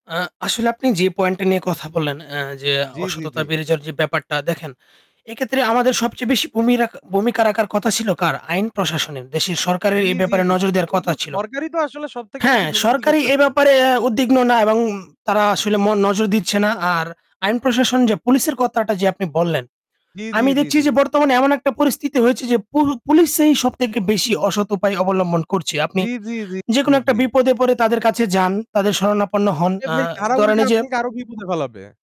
আ আসলে আপনি যে পয়েন্ট টা নিয়ে কথা বললেন, অ্যা যে জি, জি, জি। অসততা বেড়ে যাওয়ার যে ব্যাপারটা দেখেন; এক্ষেত্রে আমাদের সবচেয়ে বেশি ভূমিরা ভূমিকা রাখার কথা ছিল কার? আইন প্রশাসনের। দেশের সরকারের জি, এই জি, ব্যাপারে জি, নজর দেওয়ার কিন্তু কথা ছিল। সরকারই তো আসলে সবথেকে হ্যাঁ বেশি দুর্নীতি সরকারি এ করতেছে। ব্যাপারে অ্যাঁ উদ্বিগ্ন না এবং তারা আসলে ম নজর দিচ্ছে না। আর আইন প্রশাসন যে পুলিশের কথাটা যে আপনি বললেন, জি, জি, আমি জি, দেখছি জি। যে বর্তমানে এমন একটা পরিস্থিতি হয়েছে যে পু পুলিশেই সবথেকে বেশি অসৎ উপায় অবলম্বন করছে। আপনি জি, জি, জি, জি, যেকোনো একটা জি। বিপদে পড়ে তাদের কাছে যান, তাদের শরণাপন্ন হন আরে আ ভাই তারা ধরেন উল্টে এইযে আপনাকে আরো বিপদে ফেলাবে।